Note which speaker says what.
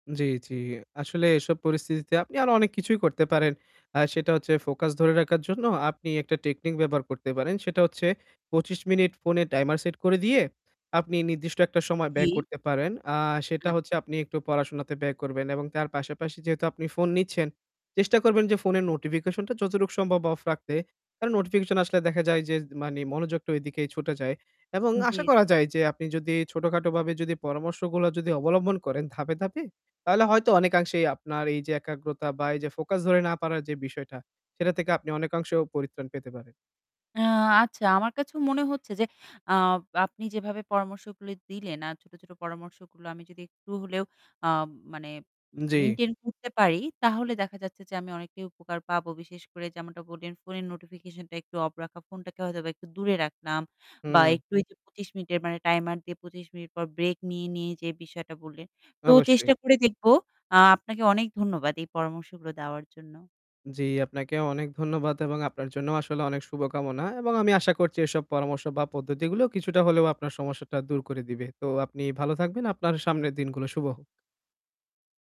Speaker 1: জ্বি, জ্বি। আসলে এসব পরিস্থিতিতে আপনি আরো অনেক কিছুই করতে পারেন। আ সেটা হচ্ছে ফোকাস ধরে রাখার জন্য আপনি একটা টেকনিক ব্যবহার করতে পারেন। সেটা হচ্ছে ২৫ মিনিট ফোনে টাইমার সেট করে দিয়ে, আপনি নির্দিষ্ট একটা সময় ব্যয়
Speaker 2: জ্বী।
Speaker 1: করতে পারেন। আ সেটা
Speaker 2: আচ্ছা।
Speaker 1: হচ্ছে আপনি একটু পড়াশোনাতে ব্যয় করবেন এবং তার পাশাপাশি যেহেতু আপনি ফোন নিচ্ছেন চেষ্টা করবেন যে ফোনের নোটিফিকেশন টা যতটুক সম্ভব অফ রাখতে। কারণ নোটিফিকেশন আসলে দেখা যায় যে, মানে মনোযোগটা এদিকে ছুটে যায়। এবং
Speaker 2: জ্বী, জ্বী।
Speaker 1: আশা করা যায় যে আপনি যদি ছোটখাটো ভাবাবে যদি পরামর্শগুলো যদি অবলম্বন করেন, ধাপে, ধাপে তাহলে হয়তো অনেকাংশেই আপনার এই যে একাগ্রতা বা এই যে ফোকাস ধরে না পাড়ার যে বিষয়টা সেটা থেকে আপনি অনেকাংশেও পরিত্রাণ পেতে পারেন।
Speaker 2: আ আচ্ছা, আমার কাছেও মনে হচ্ছে যে আ আপনি যেভাবে পরামর্শগুলো দিলেন আর ছোট, ছোট পরামর্শগুলো আমি যদি একটু হলেও আ মানে
Speaker 1: জ্বি।
Speaker 2: মেইনটেইন করতে পারি, তাহলে দেখা যাচ্ছে যে আমি অনেকটাই উপকার পাবো। বিশেষ করে যেমনটা বললেন ফোনের নোটিফিকেশন টা একটু অফ রাখা, ফোনটাকে হয়তো একটু দূরে রাখলাম বা
Speaker 1: হম।
Speaker 2: একটু যে ২৫ মিনিটের মানে টাইমার দিয়ে ২৫ মিনিট পর ব্রেক নিয়ে নিয়ে যে বিষয়টা বললেন। তো
Speaker 1: অবশ্যই।
Speaker 2: চেষ্টা করে দেখব। আপনাকে অনেক ধন্যবাদ এই পরামর্শগুলো দেওয়ার জন্য।
Speaker 1: জী, আপনাকে অনেক ধন্যবাদ এবং আপনার জন্য আসলে অনেক শুভকামনা। এবং আমি আশা করছি এসব পরামর্শ বা পদ্ধতিগুলো কিছুটা হলেও আপনার সমস্যাটা দূর করে দিবে। তো আপনি ভালো থাকবেন। আপনার সামনের দিনগুলো শুভ হোক।